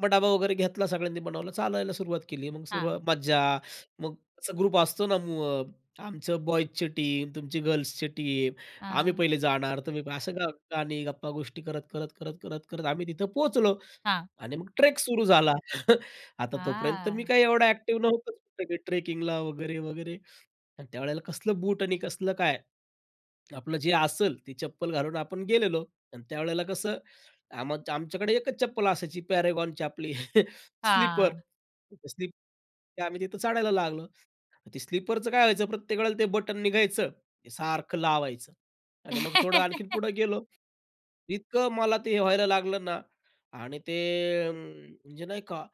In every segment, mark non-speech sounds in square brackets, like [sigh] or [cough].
मग डबा वगैरे घेतला सगळ्यांनी बनवलं, चालायला सुरुवात केली. मग हां. सुरुवात मज्जा मग असा ग्रुप असतो ना मु अ, आमची बॉयज ची टीम, तुमची गर्ल्स ची टीम. आम्ही हां. पहिले जाणार, तुम्ही असं. गा गाणी गप्पा गोष्टी करत, करत, करत, करत, करत आम्ही तिथं पोहोचलो हां. आणि मग ट्रेक सुरू झाला. [chuckles] आता तोपर्यंत मी हां. काही एवढा ॲक्टिव्ह नव्हतोच ट्रेकिंग ला वगैरे, वगैरे अन् त्यावेळेला कसलं बूट आणि कसलं काय? आपलं जे असेल ते चप्पल घालून आपण गेलेलो अन् त्यावेळेला कसं आमच्या आमच्याकडे एकच चप्पल असायची पॅरागॉनची आपली [chuckles] स्लीपर. हां. [unintelligible] स्लीप ते आम्ही तिथं चढायला लागलो. ते स्लीपरचं काय व्हायचं प्रत्येक वेळेला ते बटन निघायचं. ते सारखं लावायचं आणि मग थोडं आणखीन [chuckles] पुढे गेलो. इतकं मला ते हे व्हायला लागलं ना आणि ते अ, म्हणजे नाही का,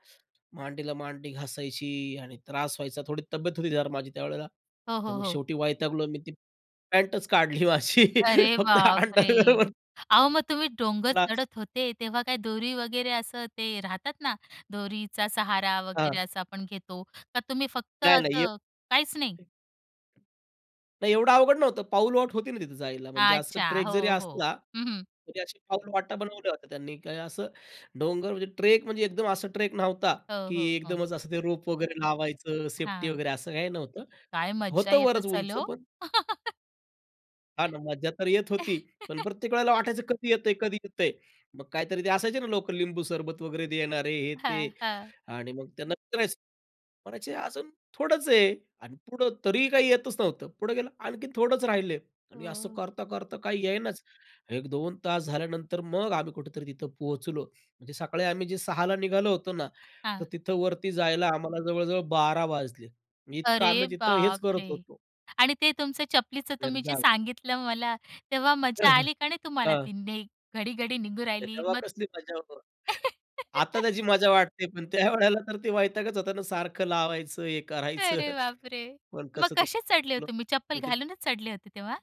मांडीला मांडी घासायची आणि त्रास व्हायचा थोडी तब्येत होती माझी त्यावेळेला. हो, तर हो, मग हो. शेवटी वैतागलो मी ती पॅन्टच काढली माझी, अरे फक्त बापरे! अंडरवेअर वर अहो, मग तुम्ही डोंगर [unintelligible] चढत होते, तेव्हा काय दोरी वगैरे असं ते राहतात ना, दोरीचा सहारा वगैरे हां. असा आपण घेतो? का तुम्ही फक्त नाही, नाही, असं एक काहीच नाही? नाही, एवढं अवघड नव्हतं, पाऊलवाट होती ना तिथे जायला. म्हणजे असं अच्छा. ट्रेक जरी हो, हो. असला हं, हं. तरी अशी पाऊलवाटा बनवल्या होत्या त्यांनी. काही असं डोंगर म्हणजे ट्रेक म्हणजे एकदम असा ट्रेक नव्हता हो, की हो, हो. एकदमच असं ते रोप वगैरे लावायचं, सेफ्टी हां. वगैरे असं काही नव्हतं. काय मजा होतं येत बरंच असेल उंच हो? पण [chuckles] हां ना. मज्जा तर येत होती. पण [chuckles] प्रत्येक वेळेला वाटायचं कधी येतंय? कधी येतंय? मग काहीतरी ते असायचे ना लोकं लिंबू सरबत वगैरे देणारे, हे, ते हां, हां. आणि मग त्यांना विचारायचं. म्हणायचे, "अजून थोडंच आहे." आणि पुढं तरीही काही येतच नव्हतं. पुढे गेलं आणखीन, थोडच राहिले आणि असं हो. करता, करता काही येईनाच. एक 2 तास झाल्यानंतर मग आम्ही कुठेतरी तिथं पोहोचलो. म्हणजे सकाळी आम्ही जे 6:00 ला निघालो होतो ना, तर हां. तिथं वरती जायला आम्हाला जवळ-जवळ 12:00 वाजले. म्हणजे इतकं अरे आम्ही तिथं हेच करत बापरे! होतो. आणि ते तुमचं चपलीचं तुम्ही जे एकदा सांगितलं मला, तेव्हा अ, मजा हं, आली का नाही तुम्हाला, हां. ती ने घडी-घडी निघून राहिली तेव्हा मग कसली मजा हो. आता [laughs] त्याची मजा वाटते, पण त्यावेळेला तर ते वैतागचं होता ना सारखं लावायचं, हे करायचं. अरे बापरे! [chuckles] पण मग कसंतरी कसे चढले होते गेलो तुम्ही? चप्पल वरती. घालूनच चढले होते तेव्हा?